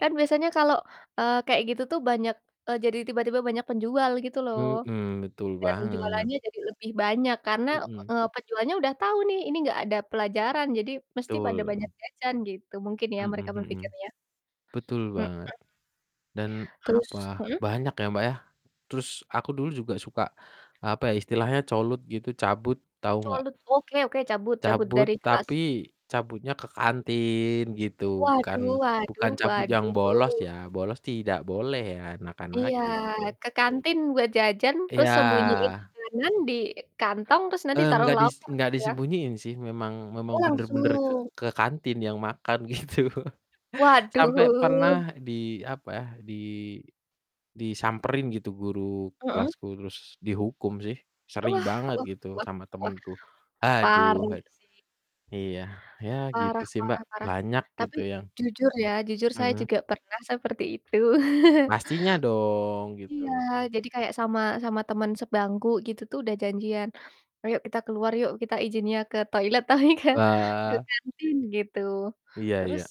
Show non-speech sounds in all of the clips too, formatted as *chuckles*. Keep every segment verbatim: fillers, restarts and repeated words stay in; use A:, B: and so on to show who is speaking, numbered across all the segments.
A: Kan biasanya kalau, eee, kayak gitu tuh banyak, eee, jadi tiba-tiba banyak penjual gitu loh.
B: Mhm, betul
A: Dan
B: banget.
A: jualannya jadi lebih banyak karena,
B: Mhm.
A: eee, penjualnya udah tahu nih, "Ini enggak ada pelajaran jadi mesti pada
B: Betul.
A: banyak jajan." Gitu, mungkin ya
B: Mhm
A: mereka
B: mhm.
A: berpikirnya.
B: Betul
A: Mhm.
B: banget dan, apa,
A: Terus mhm.
B: banyak ya, Mbak, ya. Terus aku dulu juga suka, eee, apa ya, istilahnya colut gitu, cabut tahu enggak?
A: Colut? Oke oke, cabut cabut
B: Cabut,
A: dari kelas?
B: tapi cabutnya ke kantin, gitu, bukan
A: Waduh waduh
B: bukan cabut yang bolos
A: waduh.
B: ya, bolos tidak boleh ya anak-anak,
A: Iya,
B: gitu.
A: ke kantin buat jajan, terus
B: Iya.
A: sembunyiin makanan di kantong, terus nanti
B: Eee,
A: taruh
B: nggak dis
A: loker
B: nggak
A: gitu ya?
B: disembunyiin sih, memang
A: Oh,
B: memang bener-bener ke
A: langsung.
B: ke kantin yang makan gitu. Sampai pernah
A: Waduh.
B: di apa ya, di disamperin gitu guru
A: Mhm.
B: kelasku terus dihukum sih. Sering
A: Wah
B: banget,
A: wah
B: gitu,
A: wah
B: sama
A: wah,
B: temenku. Aduh
A: parah
B: aduh.
A: sih.
B: Iya, ya gitu
A: Parah
B: sih, Mbak,
A: parah parah,
B: banyak
A: tapi
B: gitu yang
A: jujur ya, jujur saya
B: Mhm.
A: juga pernah seperti itu. *chuckles*
B: Pastinya dong,
A: Iya.
B: gitu.
A: Jadi kayak sama sama teman sebangku gitu tuh udah janjian, "Ayo, kita keluar yuk, kita izinnya ke toilet." Tapi kan ke
B: Wah.
A: kantin gitu.
B: Iya
A: Terus,
B: iya.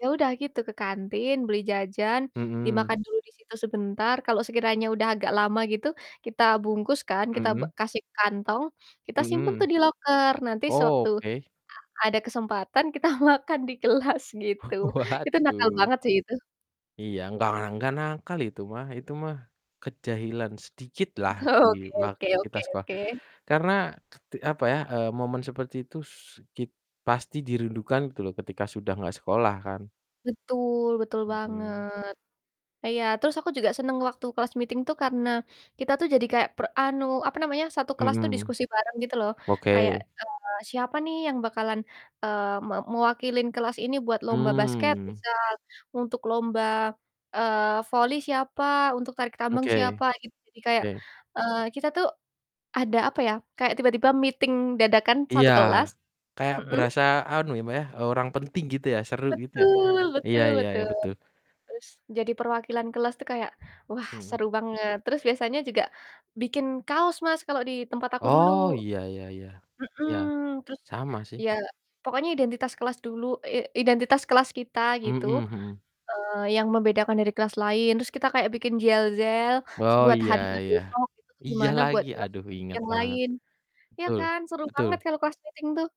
A: ya udah gitu, ke kantin beli jajan,
B: Mhm.
A: dimakan dulu disitu sebentar, kalau sekiranya udah agak lama gitu, kita bungkus kan kita b
B: Mhm.
A: kita kasih kantong, kita simpan tuh
B: Mhm.
A: di loker, nanti sewaktu
B: Oke.
A: a ada kesempatan kita makan di kelas gitu. Itu nakal
B: Waduh.
A: banget sih itu.
B: Iya, enggak, ah, enggak nakal itu mah itu mah kejahilan sedikitlah di
A: Oke oke
B: waktu kita
A: oke
B: sekolah.
A: oke.
B: Karena ket apa ya, eee, momen seperti itu su kit pasti dirindukan tuh loh, ketika sudah engggak sekolah kan?
A: Betul betul
B: Mhm.
A: banget. E iya. Terus aku juga seneng waktu class meeting tuh karena kita tuh jadi kayak pre anu, apa namanya, satu kelas tuh
B: Mhm.
A: diskusi bareng gitu loh. Kayak,
B: Oke.
A: eee, "Siapa nih yang bakalan," eee, "me mewakilin kelas ini buat lomba basket?"
B: Mmm.
A: Misal, "Untuk lomba," eee, "voli siapa? Untuk tarik tambang
B: Oke
A: siapa?" Gitu, jadi kayak,
B: oke.
A: eee, kita tuh ada, apa ya, kayak tiba-tiba meeting dadakan
B: Iya.
A: satu kelas
B: Kayak
A: mhm?
B: berasa anu ya, Mbak, ya, eee, orang penting gitu ya, seru gitu ya.
A: Betul
B: Iya
A: betul
B: iya iya
A: betul.
B: betul.
A: Terus jadi perwakilan kelas tuh kayak, wah,
B: Mhm.
A: seru banget. Terus biasanya juga bikin kaos, Mas, kalau di tempat aku dulu.
B: Oh, iya iya iya,
A: Mhm.
B: iya.
A: Terus,
B: Sama sih.
A: iya, pokoknya identitas kelas dulu, i identitas kelas kita, gitu,
B: Mhm mhm.
A: eee, yang membedakan dari kelas lain, terus kita kayak bikin jel zel s
B: Oh,
A: buat
B: iya
A: harinya
B: iya.
A: besok, itu tuh
B: Iya
A: gimana buat
B: lagi,
A: kelas
B: aduh, inget
A: yang
B: banget.
A: lain. Iya
B: Betul
A: kan, seru banget
B: betul.
A: kalau class meeting tuh.